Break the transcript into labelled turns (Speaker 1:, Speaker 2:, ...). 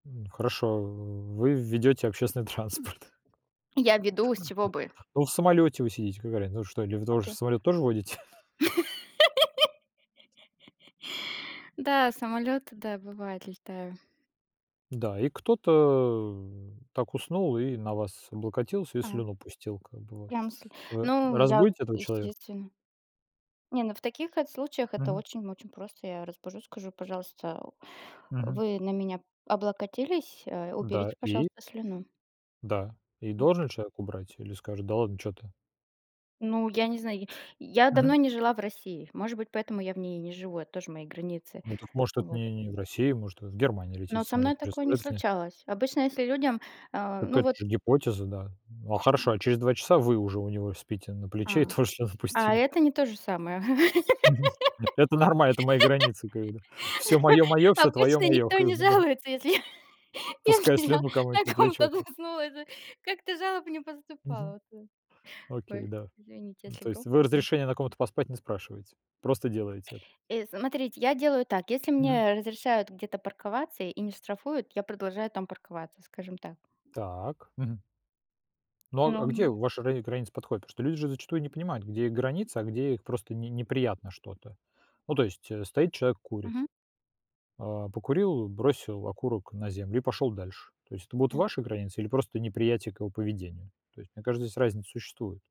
Speaker 1: Хорошо, вы ведете общественный транспорт.
Speaker 2: Я веду, с чего
Speaker 1: [unintelligible]
Speaker 2: бы?
Speaker 1: Ну, в самолете вы сидите- какая разница, ну что, или вы тоже
Speaker 2: Окей.
Speaker 1: самолет тоже водите?
Speaker 2: Да, самолёты, да, бывает, летаю.
Speaker 1: Да, и кто-то, э, так уснул и на вас облокотился, и
Speaker 2: А.
Speaker 1: слюну пустил как бы вот.
Speaker 2: Прям сль
Speaker 1: Вы
Speaker 2: Ну, я
Speaker 1: разбудите этого человек
Speaker 2: естественно. Не, ну, в таких эт случаях это
Speaker 1: Мгм.
Speaker 2: очень-очень просто. Я разбужу, скажу: "Пожалуйста,
Speaker 1: Мгм.
Speaker 2: вы на меня облокотились, э,
Speaker 1: Да,
Speaker 2: уберите,
Speaker 1: и?
Speaker 2: пожалуйста, слюну".
Speaker 1: Да, и
Speaker 2: М.
Speaker 1: должен ли человек убрать или скажет: "Да ладно, чё ты"?
Speaker 2: Ну, я не знаю, я я
Speaker 1: Мгм.
Speaker 2: давно не жила в России, может быть, поэтому я в ней и не живу, это тоже мои границы.
Speaker 1: Ну так, может, это
Speaker 2: Вот.
Speaker 1: не не в России, может, вы в Германию
Speaker 2: Ну
Speaker 1: летите в
Speaker 2: вот со мной
Speaker 1: самолете, чё,
Speaker 2: такое не
Speaker 1: самолетов нет?
Speaker 2: случалось. Обычно, если людям, а,
Speaker 1: Так
Speaker 2: ну,
Speaker 1: это
Speaker 2: вот
Speaker 1: же гипотеза, да. А, хорошо, а через 2 часа вы уже у него спите на плече и
Speaker 2: А!
Speaker 1: тоже слюну
Speaker 2: А
Speaker 1: пустили.
Speaker 2: это не то же самое.
Speaker 1: Мгм. Это нормально, это мои границы как бы, да. Всё мое- мое, всё твое-
Speaker 2: Обычно
Speaker 1: мое
Speaker 2: никто
Speaker 1: как
Speaker 2: не
Speaker 1: бы, да?
Speaker 2: жалуется, если я
Speaker 1: Пуская
Speaker 2: если я
Speaker 1: слюну кому-нибудь на
Speaker 2: на
Speaker 1: плечо
Speaker 2: ком-то
Speaker 1: как
Speaker 2: заснула, да. Как-то жалоб не
Speaker 1: Мгм.
Speaker 2: поступало вот, э.
Speaker 1: Окей,
Speaker 2: Ой,
Speaker 1: да.
Speaker 2: извините,
Speaker 1: Ну
Speaker 2: если
Speaker 1: то есть
Speaker 2: громко
Speaker 1: вы
Speaker 2: было.
Speaker 1: разрешение на ком-то поспать не спрашиваете, просто делаете это.
Speaker 2: Э, смотрите, я делаю так: если
Speaker 1: Мгм.
Speaker 2: мне разрешают где-то парковаться и не штрафуют, я продолжаю там парковаться, скажем так.
Speaker 1: Так. Мгм. Ну, а
Speaker 2: Ну,
Speaker 1: а где
Speaker 2: м
Speaker 1: ваши рани границы подходят? Потому что люди же зачастую не понимают, где их границы, а где их просто "не неприятно что-то". Ну, то есть, э, стоит человек, курит.
Speaker 2: Мгм.
Speaker 1: А, покурил, бросил окурок на землю- и пошел дальше. То есть это будут
Speaker 2: Я
Speaker 1: ваши границы или просто неприятие к его поведению? То есть мне кажется, здесь разница существует.